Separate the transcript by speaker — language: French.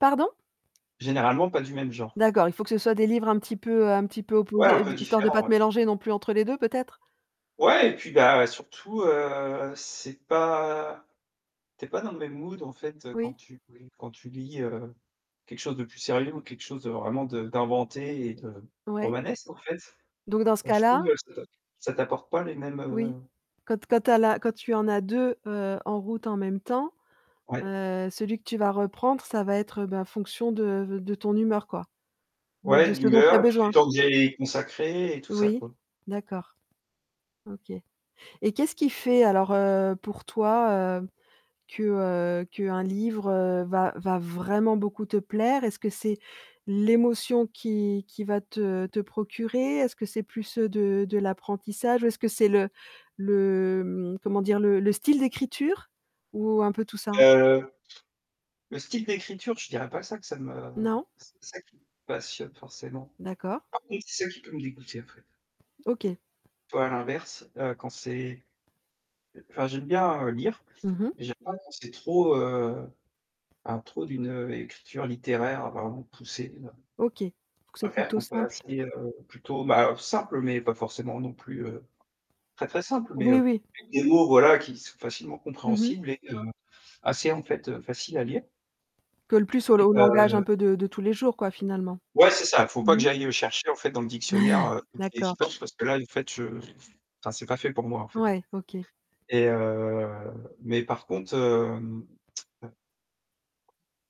Speaker 1: Pardon?
Speaker 2: Généralement pas du même genre.
Speaker 1: D'accord il faut que ce soit des livres un petit peu un petit peu
Speaker 2: Ouais, un
Speaker 1: opposés, heu,
Speaker 2: peu
Speaker 1: de histoire de
Speaker 2: différent
Speaker 1: pas
Speaker 2: ouais.
Speaker 1: te mélanger non plus entre les 2 peut-être?
Speaker 2: Ouais, et puis bah, heu, surtout heu, c'est pas tu es pas dans le même mood en fait quand
Speaker 1: Oui.
Speaker 2: tu bri quand tu lis, heu, quelque chose de plus sérieux ou quelque chose de vraiment de d'inventé et de
Speaker 1: Ouais.
Speaker 2: romanesque en fait.
Speaker 1: Donc dans ce
Speaker 2: Enfin, je
Speaker 1: cas-là
Speaker 2: trouve, heu, ça t'a ça t'apporte pas les mêmes
Speaker 1: Oui.
Speaker 2: heu
Speaker 1: Quand t quand tu as la quand tu en as 2 heu, en route en même temps,
Speaker 2: Ouais.
Speaker 1: heu, celui que tu vas reprendre ça va être heu, ben fonction de v de ton humeur quoi? De
Speaker 2: Ouais,
Speaker 1: de
Speaker 2: de
Speaker 1: ce dont tu as
Speaker 2: l'humeur, et puis du
Speaker 1: besoin?
Speaker 2: temps que j'ai a y consacrer et tout ça
Speaker 1: Oui
Speaker 2: quoi.
Speaker 1: d'accord. OK. Et qu'est-ce qui fait alors, heu, pour toi heu, que, heu, qu'un livre heu, va va vraiment beaucoup te plaire? Est-ce que c'est, l'émotion qu'il qu'il va te te procurer? Est-ce que c'est plus, heu, de de l'apprentissage? Ou est-ce que c'est le le mmh, comment dire? Le le style d'écriture? Ou un peu tout ça?
Speaker 2: Heu, le style d'écriture, je dirais pas ça, que ça me que
Speaker 1: Non?
Speaker 2: c'est ça qui me passionne forcément.
Speaker 1: D'accord.
Speaker 2: Par contre c'est ça qui peut me dégoûter en fait.
Speaker 1: OK.
Speaker 2: Tu vois, l'inverse, heu, quand c'est heu enfin, j'aime bien heu, lire,
Speaker 1: Mmh mh.
Speaker 2: mais j'aime pas quand c'est trop heu à trop d'une, heu, écriture littéraire vraiment poussée là.
Speaker 1: OK, il faut que ça
Speaker 2: Je
Speaker 1: soit
Speaker 2: préfère
Speaker 1: plutôt
Speaker 2: quand c'est
Speaker 1: simple?
Speaker 2: assez heu, plutôt, bah, heu, simple, mais pas forcément non plus, heu, très, très simple, mais
Speaker 1: Oui,
Speaker 2: heu,
Speaker 1: oui.
Speaker 2: avec des mots voilà qui sont facilement
Speaker 1: Mmh mh.
Speaker 2: compréhensibles et heu, assez en fait, heu, faciles à lire.
Speaker 1: Colle plus, au l
Speaker 2: Et
Speaker 1: au langage un
Speaker 2: heu
Speaker 1: peu de de tous les jours quoi, finalement?
Speaker 2: Ouais, c'est ça, faut pas
Speaker 1: Mmh
Speaker 2: que
Speaker 1: mh.
Speaker 2: j'aille, heu, chercher en fait dans le dictionnaire, heu, toutes les 10
Speaker 1: D'accord.
Speaker 2: pages parce que là en fait je enfin, c'est pas fait pour moi en fait.
Speaker 1: Ouais, OK.
Speaker 2: Et heu mais par contre hem, heu